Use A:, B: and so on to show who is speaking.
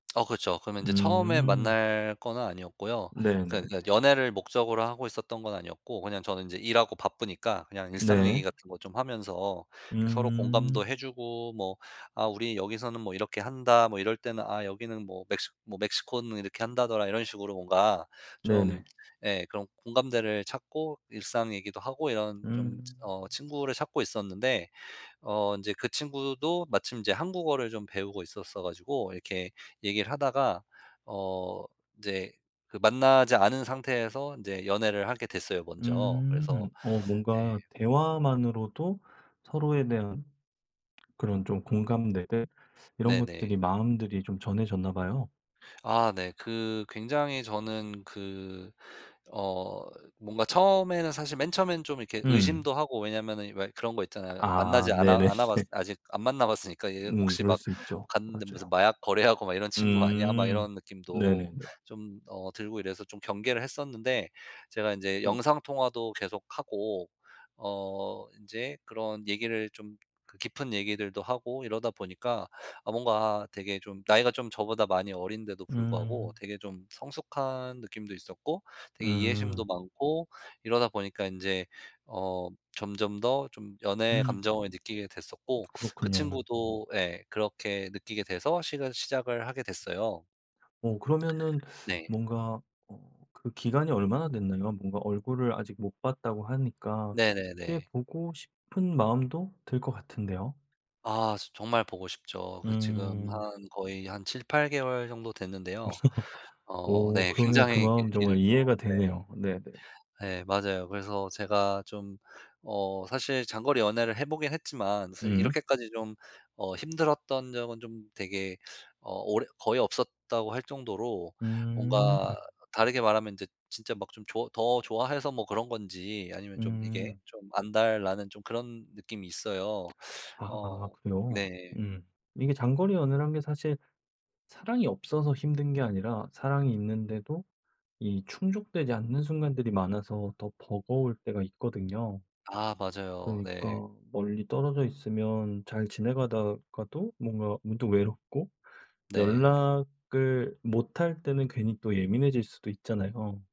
A: 어 그렇죠. 그러면 이제 처음에
B: 음.
A: 만날 거는 아니었고요. 그
B: 네네네.
A: 그 연애를 목적으로 하고 있었던 건 아니었고 그냥 저는 이제 일하고 바쁘니까 그냥 일상 얘기
B: 네.
A: 같은 거 좀 하면서 이렇게 서로 공감도
B: 음.
A: 해 주고 뭐 "아 우리 여기서는 뭐 이렇게 한다. 뭐 이럴 때는 아 여기는 뭐 멕시 뭐 멕시코는 이렇게 한다더라." 이런 식으로 뭔가 좀
B: 네네.
A: 예 그런 공감대를 찾고 일상 얘기도 하고 이런 좀
B: 음.
A: 어 친구를 찾고 있었는데 어 인제 그 친구도 마침 인제 한국어를 좀 배우고 있었어 가지고 이렇게 얘기를 하다가 어 이제 그 만나지 않은 상태에서 인제 연애를 하게 됐어요 먼저. 그래서
B: 음. 어
A: 네.
B: 뭔가 대화만으로도 서로에 대한 그런 좀 공감대들 이런
A: 네네.
B: 것들이 마음들이 좀 전해졌나 봐요.
A: 아 네. 그 굉장히 저는 그 어 뭔가 처음에는 사실 맨 처음에는 좀 이렇게
B: 음.
A: 의심도 하고 왜냐하면은 왜 그런 거 있잖아요. 만나지
B: 아
A: 않아
B: 네네네.
A: 않아 봤으 아직 안 만나 봤으니까 이제
B: 음
A: '혹시
B: 그럴
A: 막
B: 수 있죠.
A: 갔는데 무슨
B: 맞아요.
A: 마약 거래하고 막 이런 친구 아니야?' 막
B: 음.
A: 이런 느낌도
B: 네네네.
A: 좀 어 들고 이래서 좀 경계를 했었는데 제가 인제
B: 음.
A: 영상 통화도 계속 하고 어 인제 그런 얘기를 좀 그 깊은 얘기들도 하고 이러다 보니까 아 뭔가 되게 좀 나이가 좀 저보다 많이 어린데도 불구하고
B: 음.
A: 되게 좀 성숙한 느낌도 있었고 되게 이해심도
B: 음.
A: 많고 이러다 보니까 인제 어 점점 더 좀 연애
B: 음.
A: 감정을 느끼게 됐었고 그
B: 그렇군요.
A: 친구도 예 그렇게 느끼게 돼서 시가 시작을 하게 됐어요.
B: 어 그러면은
A: 네.
B: 뭔가 어 그 기간이 얼마나 됐나요? 뭔가 얼굴을 아직 못 봤다고 하니까 꽤
A: 네네네.
B: 보고 싶은 마음도 들 것 같은데요.
A: 아 정말 보고 싶죠. 그래서 지금
B: 음.
A: 한 거의 한 7-8 개월 정도 됐는데요. 어
B: 오
A: 네.
B: 그러면 그
A: 굉장히 길
B: 마음
A: 길죠.
B: 정말 이해가
A: 네.
B: 되네요. 네네.
A: 예 맞아요. 그래서 제가 좀 어 사실 장거리 연애를 해 보긴 했지만 사실
B: 음.
A: 이렇게까지 좀 어 힘들었던 적은 좀 되게 어 오래 거의 없었다고 할 정도로
B: 음.
A: 뭔가 다르게 말하면 이제 진짜 막 좀 좋 더 좋아해서 뭐 그런 건지 아니면 좀 이게
B: 음.
A: 좀 안달 나는 좀 그런 느낌이 있어요.
B: 아
A: 어
B: 그래요?
A: 네.
B: 음. 이게 장거리 연애라는 게 사실 사랑이 없어서 힘든 게 아니라 사랑이 있는데도 이 충족되지 않는 순간들이 많아서 더 버거울 때가 있거든요.
A: 아 맞아요. 네.
B: 그러니까 멀리 떨어져 있으면 잘 지내가다가도 뭔가 문득 외롭고
A: 네.
B: 연락을 못할 때는 괜히 또 예민해질 수도 있잖아요.